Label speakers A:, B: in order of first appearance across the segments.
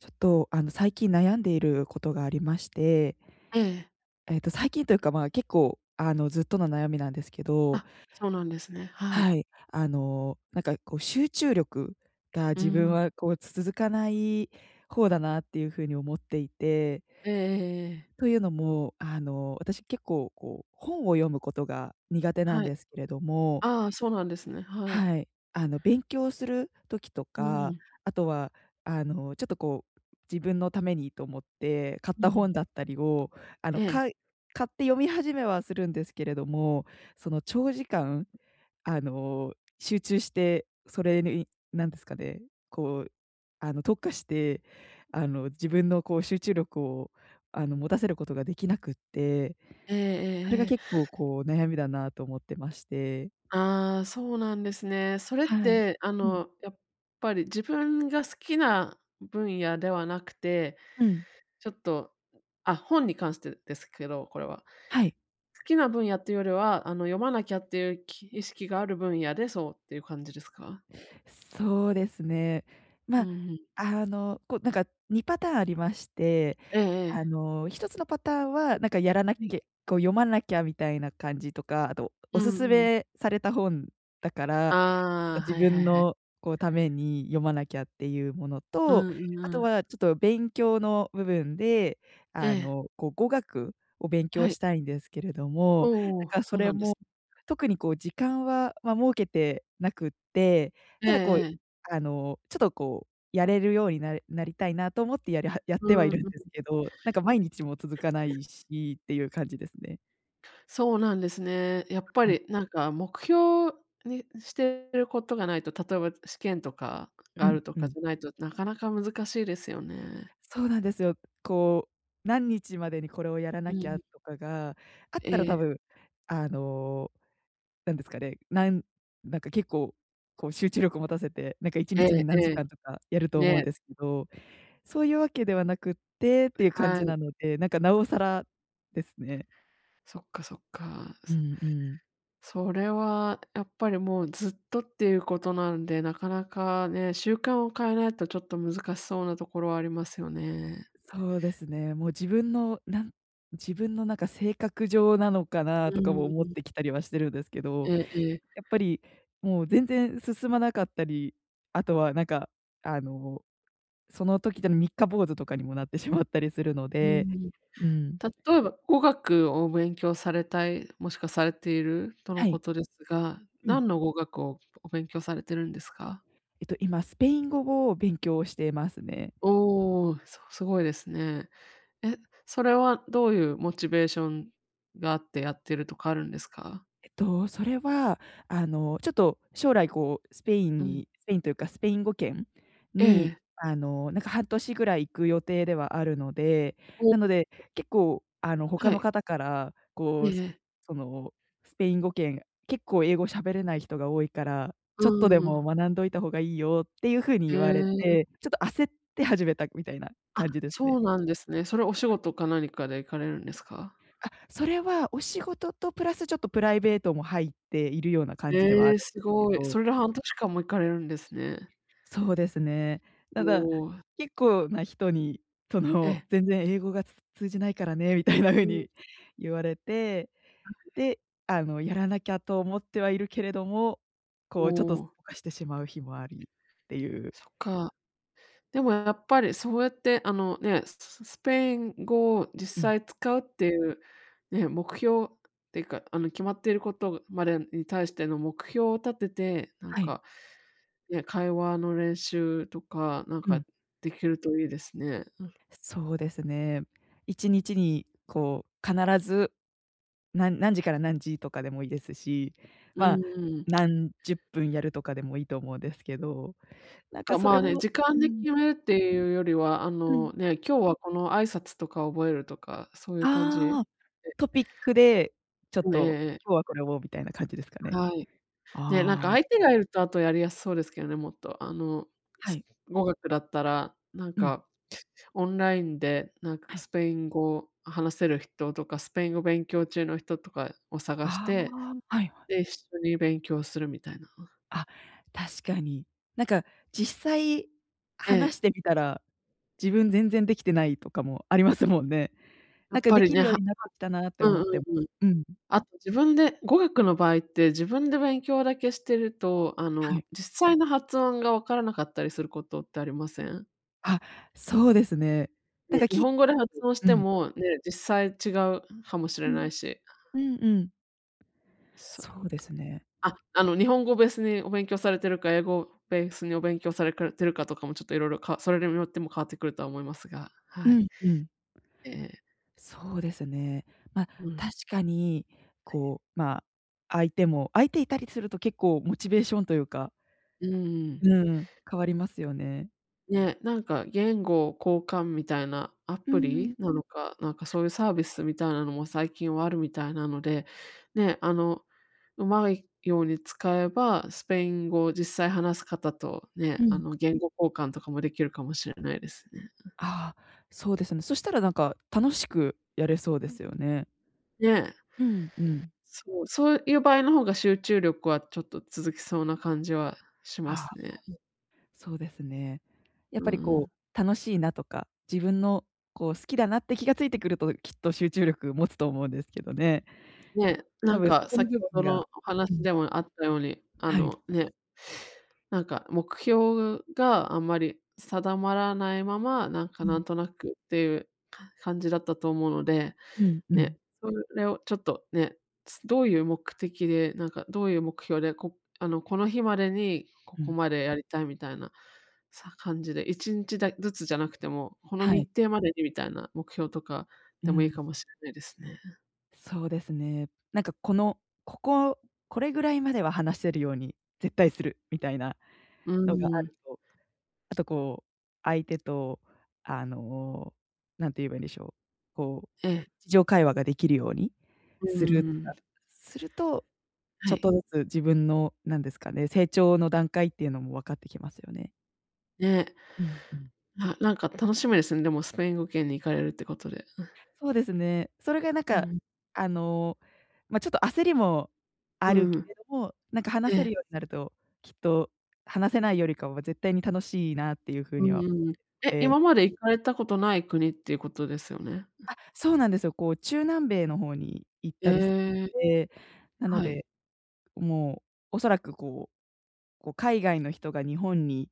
A: ちょっと、あの、最近悩んでいることがありまして。
B: ええええ。
A: ええと、最近というか、ま、結構、あの、ずっとの悩みなんですけ
B: あ
A: ど。
B: っ、そうなんですね。はい。
A: はい、あの、なんかこう、集中力が
B: う
A: 自分
B: ん。
A: はこう、つ続かない方だなっていう風に思っていて。
B: ええええええ。
A: というのも、あの、私結構、こう本を読むことが苦手なん
B: はい。
A: ですけれども
B: ああ、そうなんですね。はい。
A: はい。あの、勉強する時と
B: う
A: か、
B: ん。
A: あとはあの、ちょっとこう、自分のためにと思って買っ
B: う
A: た
B: ん。
A: 本だったりを、あ
B: え
A: の、
B: え。
A: かい買って読み始めはするんですけれども、その、長時間、
B: うん。
A: あの、集中して、それになんですかね、こう、あの、特化して、あの、自分のこう集中力を、あの、持たせることができなくって、
B: えええ
A: それ
B: え
A: が
B: ええ。
A: 結構こう、悩みだなと思ってまして。
B: ああ、そうなんですね。それっ
A: はい。
B: て、あ
A: うん。
B: の、やっぱり自分が好きな分野ではなくて、
A: うん。
B: ちょっと、あ、本に関してですけど、これは。
A: はい。
B: 好きな分野っていうよりは、あの、読まなきゃっていうき意識がある分野で、そうっていう感じですか？
A: そうですね。
B: う
A: ま、
B: ん、ふん。
A: あの、こうなんか2パターンありまして、
B: ええ
A: あ
B: ええ。
A: の、1つのパターンはなんかやらなっ
B: はい。
A: けこう読まなきゃみたいな感じとか、あと
B: う
A: お薦
B: んうん。
A: めされた本だから、なん
B: ああ、
A: か自
B: はいはい
A: 分
B: はい。
A: の、こう、ために読まなきゃっていうもの
B: う
A: と、
B: んうんう
A: あと
B: ん。
A: はちょっと勉強の部分で、
B: え
A: あ
B: え。
A: の、こう語学を勉
B: は
A: 強
B: い。
A: したいんですけれども、
B: おお、
A: なんかそ
B: そう
A: れ
B: なんです
A: も、
B: ね。
A: 特にこう時間は、ま、設けてなくって、
B: ええ
A: ただこう、
B: ええ。
A: あの、ちょとこうやれるように、なれなりたいなと思ってやりはやっ
B: う
A: ては
B: ーん、
A: い
B: うん
A: るん
B: う
A: で
B: ん。
A: すけど、なんか毎日も続かな
B: うん。
A: いしっていう感じですね。
B: そうなんですね。やっぱ
A: はい。
B: り、なんか、目標にしてることがないと、例えば試験とか
A: う
B: があ
A: ん
B: ると
A: う
B: か
A: ん。
B: じゃないとなかなか難しいですよね。
A: そうなんですよ。こう、何日までにこれをやら
B: う
A: なきゃ
B: ん。
A: とかがあっ
B: え
A: たら、多
B: え。
A: 分、あの、なんですかね、なんなんか、結構、こう、集中力持たせて、なんか、いち
B: え
A: にちに
B: ええ
A: 何時
B: え。
A: 間とかやると思うん
B: ね。
A: ですけど。そういうわけではなくってっていう感
B: は
A: じな
B: い。
A: ので、なんか、なおさらですね。
B: そっかそっか。う
A: う
B: す
A: んうん。
B: それは、やっぱり、もう、ずっとっていうことなんで、なかなかね、習慣を変えないとちょっと難しそうなところはありますよね。
A: そうですね。もう自分の、なん自分の、なんか、性格上なのか
B: う
A: なとかも
B: ー
A: 思っ
B: ん。
A: てきたりはしてるんですけ
B: え
A: ど。
B: えええ。
A: やっぱり、もう全然進まなかったり、あとは、なんか、あの、その時で三日坊主とかにもなってしまったりするの
B: うー
A: で。
B: ん。
A: うん。
B: 例えば語学を勉強されたい、もしくはされているとの
A: は
B: こ
A: い。
B: とですが、
A: うん。
B: 何の語学をお勉強されているんですか？
A: えと、今スペイン語を勉強していますね。
B: おお。そすごいですね。え、それはどういうモチベーションがあってやってるとかあるんですか？
A: えっと、それは、あの、ちょっと将来、こう、スペイン
B: うん。
A: に、スペインというかスペイン語圏
B: ええ、
A: に、
B: え。
A: あの、なんか、半年ぐらい行く予定ではあるので、
B: お。
A: なので結構、あの、他
B: は
A: の
B: い。
A: 方から、
B: え
A: こ
B: え
A: う、す
B: ええ。
A: その、スペイン語圏、結構英語喋れない人が多いから、
B: う
A: ちょっとで
B: ー
A: も
B: ん。
A: 学んどいた方がいいよっていうふうに
B: へ
A: 言われ
B: え。
A: て、ちょっと焦って始めたみたいな
B: あ、
A: 感じです
B: そ
A: ね。
B: うなんですね。それお仕事か何かで行かれるんですか？
A: あ、それは、お仕事とプラスちょっとプライベートも入っているような感じでは
B: え
A: ある
B: え、
A: ん
B: す
A: ですけ
B: ごい。そ
A: ど。
B: れで半年間も行かれるんですね。
A: そうですね。
B: お
A: ただ、
B: お。
A: 結構な人に、そ
B: え
A: の、
B: え。
A: 全然英語が、つ通じないからね、みたいな風
B: うん。
A: に言われて。で、あの、やらなきゃと思ってはいるけれども、
B: お
A: こう、ちょっとすっ
B: お。
A: ぽかしてしまう日もありっていう。
B: そっか。でもやっぱりそうやって、あの、ね、ススペイン語を
A: う
B: 実
A: ん。
B: 際使うっていうね、目標っていうか、あの、決まっていることまでに対しての目標を立てて、なん
A: はい。
B: か、ね、会話の練習とか、なん
A: う
B: か、
A: ん。
B: できるといいですね。
A: そうですね。一日にこう、必ず、なん何時から何時とかでもいいですし、
B: うん
A: ま、
B: うん。
A: 何十分やるとかでもいいと思うんですけど。なんか、
B: あ、
A: そ
B: ま
A: れ
B: あね、
A: も
B: 時間
A: う
B: で
A: ん。
B: 決めるっていうよりは、あ
A: う
B: の、
A: ん。
B: ね、今日はこの挨拶とか覚えるとか、そういう感じ。
A: ああ、トピックで、ちょっ
B: ん、ね、ええ
A: と
B: ええ。
A: 今日はこれをみたいな感じですかね。
B: はい。ね、なんか、
A: ああ。
B: 相手がいると、あと、やりやすそうですけどね、もっと。あの、
A: は
B: す
A: い。
B: 語学だったら、なん
A: うん。
B: か、オンラインで、なんか、
A: はい。
B: スペイン語を話せる人とか、スペイン語勉強中の人とかを探し
A: あ
B: て、
A: あ。はいはい。
B: で、一緒に勉強するみたいな。
A: あ、確かに。なんか、実際
B: え
A: 話し
B: え。
A: てみたら、自分全然できてないとかもありますもんね。
B: や
A: なん
B: っ
A: か、
B: ぱ
A: で
B: り
A: きる
B: ね、は
A: よう
B: は
A: になってきたなって
B: う
A: 思
B: んう
A: っても
B: んうん。
A: うん。
B: あと自分で語学の場合って自分で勉強だけしてると、あ
A: は
B: の、
A: い。
B: 実際の発音がわからなかったりすることってありません？
A: あ、そうですね。なん
B: ね、
A: か。
B: 日
A: き
B: 本語で発音し
A: うう
B: て
A: ん。
B: も、ね、実際違うはもし
A: う
B: れな
A: ん。
B: いし。
A: うんうん。
B: そ、
A: そうですね。
B: あ、あの日本語をベースにお勉強されてるか、英語をベースにお勉強されかてるかとかもちょっと色々かそれにもよっても変わってくるとは思いますが、
A: う
B: はい。
A: んうん。
B: ええ。
A: そうですね。まあ、
B: うん。
A: 確かに。こう、まあ、相手も相手いたりすると結構モチベーションというか
B: うーん。
A: うん、変わりますよね。
B: ね、なんか言語を交換みたいなア
A: うー
B: プリ
A: ん。
B: なのか、なんか、そういうサービスみたいなのも最近はあるみたいなので。ね、あの、うまいように使えば、スペイン語を実際話す方とね、
A: う
B: あ
A: ん。
B: の、言語交換とかもできるかもしれないですね。うん。
A: ああ、そうですね。そしたらなんか楽しくやれそうで
B: う
A: す
B: ん。
A: よね。
B: ね。
A: うんうん。
B: そう、そういう場合の方が集中力はちょっと続きそうな感じはしま
A: ああ、
B: すね。
A: そう。そうですね。やっ
B: う
A: ぱ
B: ん
A: り、
B: う
A: こ
B: ん。
A: う、楽しいなとか、自分の、こう、好きだなって気が付いてくると、きっと集中力を持つと思うんですけどね。
B: ね、な
A: た
B: ん
A: ぶんそ
B: か
A: この
B: 先
A: 部
B: ほど
A: 分
B: の
A: が
B: お
A: う
B: 話
A: ん。
B: でもあったように、あ
A: はい。
B: の、ね、なんか目標があんまり定まらないまま、なんか、
A: う
B: なん
A: ん。
B: となくていう、か感じだったと思うので。
A: うんうん。
B: ね、それをちょっと、ね、つどういう目的で、なんか、どういう目標で、こあの、この日までにこ
A: う
B: こ
A: ん。
B: までやりたいみたいな、さ感じで1日だずつじゃなくても、この
A: はい。
B: 日程までにみたいな目標とか
A: う
B: でもいい
A: ん。
B: かもしれないですね。
A: そうですね。なんかこの、こここれぐらいまでは話せるように絶対するみたいな
B: う
A: のがあ
B: ーん。
A: ると、あと、こう、相手と、あの、何て言えばいいんでしょう、こ
B: え
A: う、
B: え。
A: 日常会話ができるように
B: うー
A: するとか
B: ん。
A: すると、ち
B: は
A: ょっ
B: い。
A: とずつ自分のなんですかね、成長の段階っていうのも分かってきますよね。
B: ね。
A: うん、うん。
B: あ、なんか楽しみですね。でもスペイン語圏に行かれるってことで。うん。
A: そうですね。それがなん
B: う
A: か、
B: ん。
A: あの、ま、ちょっと焦りもあ
B: う
A: る
B: んう
A: け
B: ん。
A: れども、なんか、話
B: え
A: せる
B: え。
A: ようになると、きっと話せないよりかは絶対に楽しいなっていうふう
B: う
A: に
B: ん
A: は思っ
B: うん。
A: て
B: え、
A: るので。
B: 今まで行かれたことない国っていうことですよね。
A: あ、そうなんですよ。こう、中南米の方に行ったりし、
B: ええ。
A: て、なの
B: はい。
A: で、もう、恐らく、こうこう、海外の人が日本に、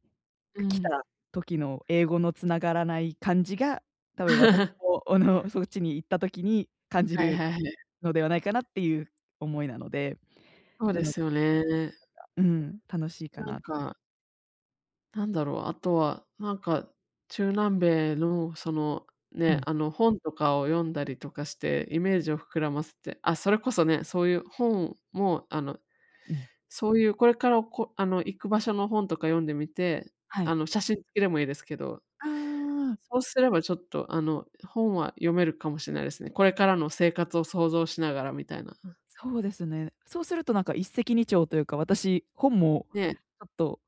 B: う
A: く来た
B: ん。
A: 時の英語の繋がらない感じが、多分私 も、おのそっちに行った時に感じ
B: はい
A: る
B: はいはい。
A: のではないかなっていう思いなので。
B: そう
A: な
B: で
A: の
B: すよね。
A: うん、楽しいか
B: なん
A: なと。
B: かなんだろう、あとは、なんか、中南米の、その、
A: う
B: ね、
A: ん。
B: あの、本とかを読んだりとかして、イメージを膨らませて。あ、それこそね、そういう本も、あの、
A: うん。
B: そういうこれから、おこあの、行く場所の本とか読んでみて、
A: は
B: あ
A: い。
B: の、写真付きでもいいですけど。
A: ああ。
B: そうすればちょっと、あの、本は読めるかもしれないですね。これからの生活を想像しながらみたいな。
A: そうですね。そうするとなんか一石二鳥というか、私、本も、
B: ね。
A: ちょっと、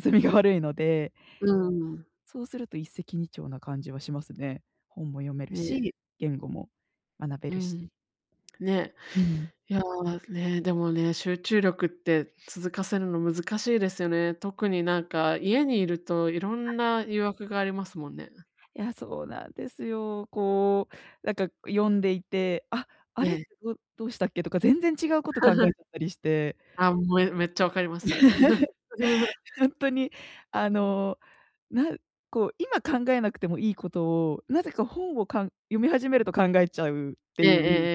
A: 進みが悪いので。
B: うーん。
A: そうすると一石二鳥な感じはしますね。本も読める
B: ね。
A: し、言語も学べ
B: う
A: るし。
B: ん。ね。
A: うん。
B: いや、ねえ、でもね、集中力って続かせるの難しいですよね。特になんか、家にいるといろんな誘惑がありますもんね。
A: いや、そうなんですよ。こう、なんか、読んでいて「あ、あ
B: え
A: れ？
B: え。
A: どどうしたっけ？」とか全然違うこと考えち ゃったりして。
B: あ、もえめっちゃ分かります、それ。
A: ほんとに、あの、なんこう、今考えなくてもいいことを、なぜか本を、かん読み始めると考えちゃうって
B: ええ
A: いう。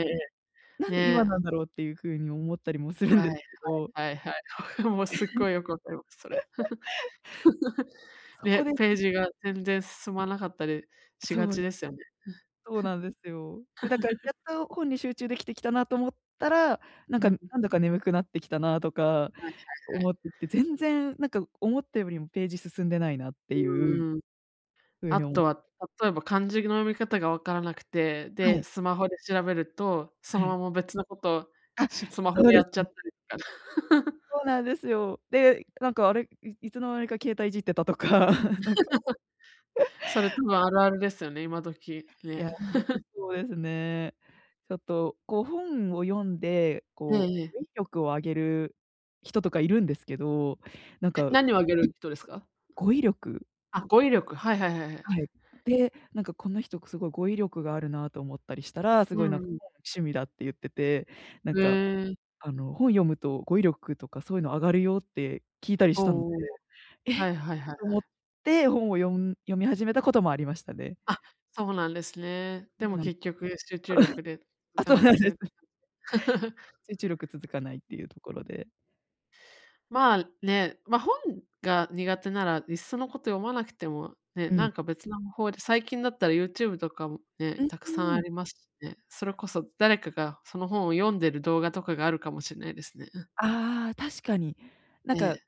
B: え
A: な
B: ええええ
A: んで今
B: え。
A: な
B: ね。
A: んだろうっていう風に思ったりもするん
B: はい
A: ですけど。
B: はいはいはい。もう、すっごいよく分かりま す、それ。
A: そ
B: ね、
A: こです。
B: ページが全
A: [unintelligible]
B: 然進まなかったりしが
A: そう
B: ち
A: で
B: で
A: す。
B: すよね。
A: そうなんですよ。で、だから、や っと本に集中できてきたなと思ったら、なん
B: う
A: か、
B: ん。
A: なんだか眠くなってきたなとか
B: はいはいはい。
A: 思ってきて、全然なんか思ったよりもページ進んでないなってい
B: う
A: う。
B: んうん。
A: そういうふう
B: あ
A: にお
B: とは例えば漢字の読み方がわからなくて、
A: は
B: で、
A: い。
B: スマホで調べると、そ
A: は
B: の
A: い。
B: まま別のことを、
A: あっ、
B: しスマホ
A: そう
B: で
A: で
B: やっちゃっ
A: す。
B: たりとか。
A: そうなんですよ。で、なんか、あれ、いいつの間にか携帯いじってたとか。なん か
B: それ、多 分あるあるですよね、今時、
A: い
B: ね。
A: や、ほんと そうですね。ちょっと、こう、本を読んで、
B: え
A: こ
B: え
A: う、
B: ええ。
A: 語彙力を上げる人とかいるんですけど、なん
B: えっ、
A: か
B: 何をあげる人ですか？
A: 語彙力。
B: あ、語彙力。はいはいはいはい。
A: はい。で、なんかこの人くすごい語彙力があるなと思ったりしたら、す
B: う
A: ごい、
B: ん
A: な
B: う
A: んか、
B: ん。
A: 趣味だって言ってて、なん
B: へ
A: か、
B: え。
A: あの、本読むと語彙力とか、そういうの上がるよって聞いたりし
B: おお
A: たので、
B: おお。
A: え
B: は
A: っ
B: いはいはい
A: と
B: は
A: 思っ
B: い。
A: て本を読ん読み始めたこともありましたね。
B: あっ、そうなんですね。
A: そ
B: で
A: う
B: も
A: なんそ
B: 結局、集中力で続
A: あ、
B: か
A: そう
B: な
A: な
B: く
A: んで
B: て。
A: す。集中力続かないっていうところで。
B: まあ、ね、ま、本が苦手ならいっそのこと読まなくても、ね、
A: う
B: な
A: ん。
B: んか別なむ法で、最近だったら YouTube とかも
A: う
B: ね、
A: ん、う
B: たくさん
A: ー
B: あ
A: ん。
B: りましね。それこそ誰かがその本を読んでる動画とかがあるかもしんないですね、うん。
A: ああ、確かに。なん
B: え
A: か
B: え。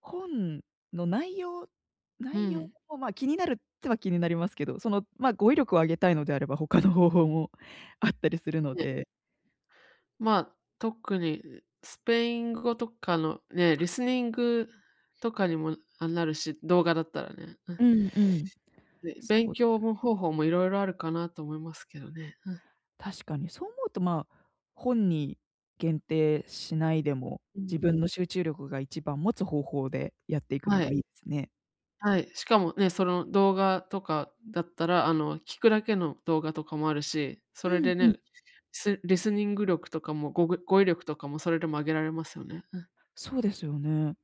A: 本の内容、
B: う
A: 内容
B: ん。
A: もま、気になるっては気になりますけど、その、まあ、語彙力を上げたいのであれば他の方法もあったりするの
B: いえ。
A: で。
B: まあ、特に、うスペイン語とかのね、リスニングとかにも、あ、なるし、動画だったらね、うん。
A: うんうん。
B: で、勉
A: そうです
B: 強
A: よね。
B: も方法もいろいろあるかなと思いますけどね、うん。
A: 確かに。そう思うとまあ、本に限定しないでも、
B: うん
A: 自
B: うん。
A: 分の集中力が一番持つ方法でやっていくの
B: は
A: が
B: い。
A: いいつね。
B: はい、しかもね、その動画とかだったらあの、聞くだけの動画とかもあるし、そ
A: う
B: れ
A: ん
B: で
A: うん。
B: ね、スリスニング力とかもごぐ語彙力とかもそれでも上げられますよね、うん。
A: そうですよね。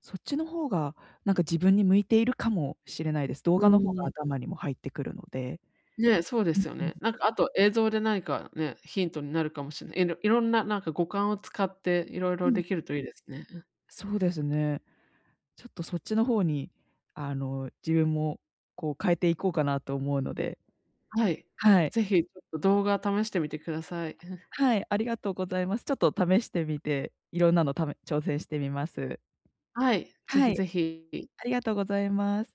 A: そっちの方が、なんか自分に向いているかもしれないです。動
B: う
A: 画の方が
B: ーん。
A: 頭にも入ってくるので。
B: ね、そうですよ
A: うんうん。
B: ね。なんかあと映像で何か、ね、ヒントになるかもしんない。いろいろんな、なんか五感を使って色
A: う
B: 々で
A: ん。
B: きるといいですね、うん。
A: そうですね。ちょっとそっちの方にあの、自分もこう、変えていこうかなと思うので
B: はい、
A: はい。
B: ぜひちょっと動画試してみてください、うん。
A: はい、ありがとうございます。ちょっと試してみて、いろんなのため挑戦してみます。
B: はい、ぜ
A: は
B: ひ
A: い。
B: ぜひ。
A: ありがとうございます。